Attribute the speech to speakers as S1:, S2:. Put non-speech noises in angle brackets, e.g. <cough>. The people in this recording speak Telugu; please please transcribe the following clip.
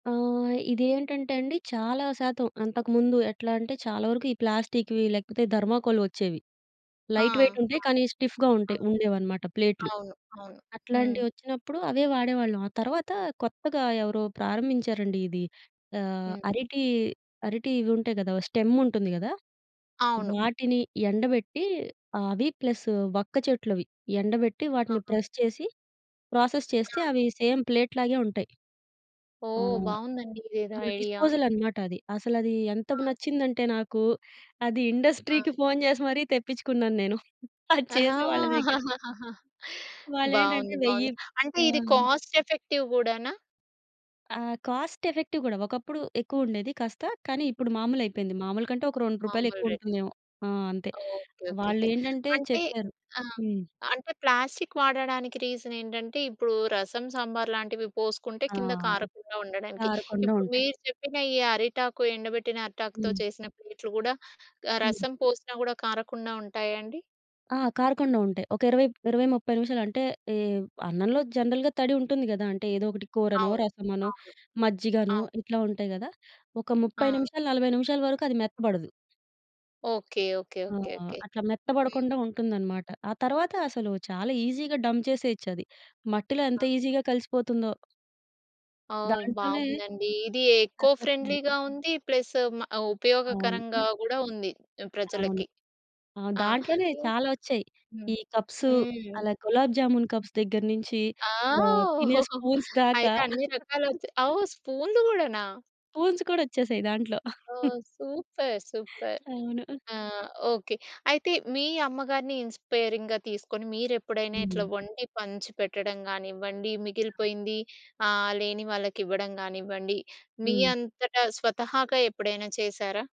S1: ఆహ్, ఇది ఏంటంటే అండి చాలా శాతం అంతకుముందు ఎట్లా అంటే చాలా వరకు ఈ ప్లాస్టిక్‌వి, లేకపోతే థర్మోకోల్‌వి వచ్చేవి.
S2: ఆ!
S1: లైట్ వెయిట్ ఉంటయి. కానీ, స్టిఫ్‌గా
S2: ఆ!
S1: ఉంటయి ఉండేవనమాట ప్లేట్లు.
S2: అవును. అవును. హ్మ్.
S1: అట్లాంటివొచ్చినప్పుడు అవే వాడేవాళ్ళం. ఆ తర్వాత కొత్తగా ఎవరో ప్రారంభించారండి ఇది. ఆహ్,
S2: హ్మ్.
S1: అరిటి అరిటి ఇవి ఉంటయి గదా! ఓ స్టెమ్ ఉంటుంది గదా!
S2: అవును.
S1: వాటిని ఎండబెట్టి అవి ప్లస్ వక్క చెట్లు అవి, ఎండబెట్టి వాటిని
S2: ఆహా!
S1: ప్రెస్ చేసి, ప్రాసెస్
S2: ఆ!
S1: చేస్తే అవి సేమ్ ప్లేట్ లాగే ఉంటయి. ఆ!
S2: ఓహ్! బాగుందండి. ఇదేదో ఐడియా.
S1: డిస్పోజల్ అనమాట అది. అసలది ఎంతగ
S2: ఆ!
S1: నచ్చిందంటే నాకు అది
S2: ఆ!
S1: ఇండస్ట్రీకి ఫోన్ చేసి మరీ తెప్పించుకున్నాను నేను. అది
S2: ఆ!
S1: చేసే వాళ్ళ దగ్గర.
S2: <laughs>
S1: వాళ్ళేంటంటే
S2: బాగుంది.
S1: వెయ్యి
S2: బాగుంది. అంటే
S1: ఆ!
S2: ఇది కాస్ట్ ఎఫెక్టివ్ గూడానా?
S1: ఆ! కాస్ట్ ఎఫెక్టివ్ గూడా. ఒకప్పుడు ఎక్కువుండేది కాస్త. కానీ, ఇప్పుడు మామూలయిపోయింది. మామూలు కంటే ఒక రూ. 2
S2: మామూలు రేటే.
S1: ఎక్కువుంటుందేమో! ఆ! అంతే.
S2: ఓకే. ఓకేకే.
S1: వాళ్లేంటంటే
S2: అంటే
S1: చెప్పారు.
S2: ఆ!
S1: హ్మ్.
S2: అంటే ప్లాస్టిక్ వాడడానికి రీజన్ ఏంటంటే ఇప్పుడు రసం, సాంబార్‌లాంటివి పోసుకుంటే
S1: ఆ!
S2: కింద కారకుండా ఉండడానికి.
S1: కారకుండ
S2: ఇప్పుడు
S1: ఉంటయి.
S2: మీరు చెప్పిన ఈ అరిటాకు ఎండబెట్టిన అరిటాకుతో
S1: హ్మ్.
S2: చేసిన ప్లేట్‌లు గూడా ఆహ్,
S1: హ్మ్.
S2: రసం పోసినా గూడా కారకుండా ఉంటాయా అండి?
S1: ఆ! కార‌కుండ ఉంటయి. ఒక ఇరవై ఇరవై, 30 నిమిషాలు అంటే ఈ అన్నంలో జనరల్‌గా తడి ఉంటుంది గదా! అంటే ఏదో ఒకటి కూరనో,
S2: అవును.
S1: రసమనో,
S2: అవును.
S1: మజ్జిగనో,
S2: అవు
S1: ఇట్లా ఉంటయి గదా! ఒక 30
S2: ఆ!
S1: నిమిషాలు, 40 నిమిషాల వరకు అది మెత్తబడదు.
S2: ఓకే. ఓకే.
S1: ఆ!
S2: ఓకే. ఓకే.
S1: అట్లా మెత్త
S2: హ్మ్.
S1: పడకుండా ఉంటుందన్నమాట. ఆ తర్వాత అసలు చాలా ఈజీ‌గా డంప్ చేసేయొచ్చది. మట్టిలో ఎంత ఈజీ‌గా కలిసిపోతుందో.
S2: ఓహ్!
S1: దాంట్లోనే
S2: బాగుందండి. ఇది ఎకో
S1: రకరకాలు
S2: ఫ్రెండ్లీగా ఉంది. ప్లస్ మ
S1: అవును.
S2: ఉపయోగకరంగా గూడా ఉంది
S1: అవును.
S2: ప్రజలకి.
S1: ఆ!
S2: ఆ!
S1: దాంట్లోనే
S2: ఇంక
S1: చాలా వచ్చాయి.
S2: హ్మ్.
S1: ఈ కప్సు,
S2: హ్మ్.
S1: అలా గులాబ్ జామూన్ కప్స్ దగ్గర నుంచి
S2: ఆ!
S1: ఆహ్, తినే
S2: <laughs>
S1: స్పూన్స్ దాకా
S2: అయితే అన్ని
S1: <chuckles>
S2: రకాలొచ్చాయి. అవు స్పూనులు గూడనా?
S1: స్పూన్స్ కూడా వచ్చేశాయి దాంట్లో. <chuckles>
S2: ఓహ్! సూపర్. సూపర్.
S1: అవును.
S2: ఆ! ఓకే. అయితే మీ అమ్మగారిని ఇన్‌స్పైరింగ్‌గా తీసుకొని మీరెప్పుడైనా
S1: హ్మ్.
S2: ఇట్లా వండి పంచిపెట్టడం గానివ్వండి, మిగిలిపోయింది ఆహ్, లేని వాళ్ళకివ్వడం గానివ్వండి, మీ
S1: హ్మ్.
S2: అంతట స్వతహాగా ఎప్పుడైనా చేశారా?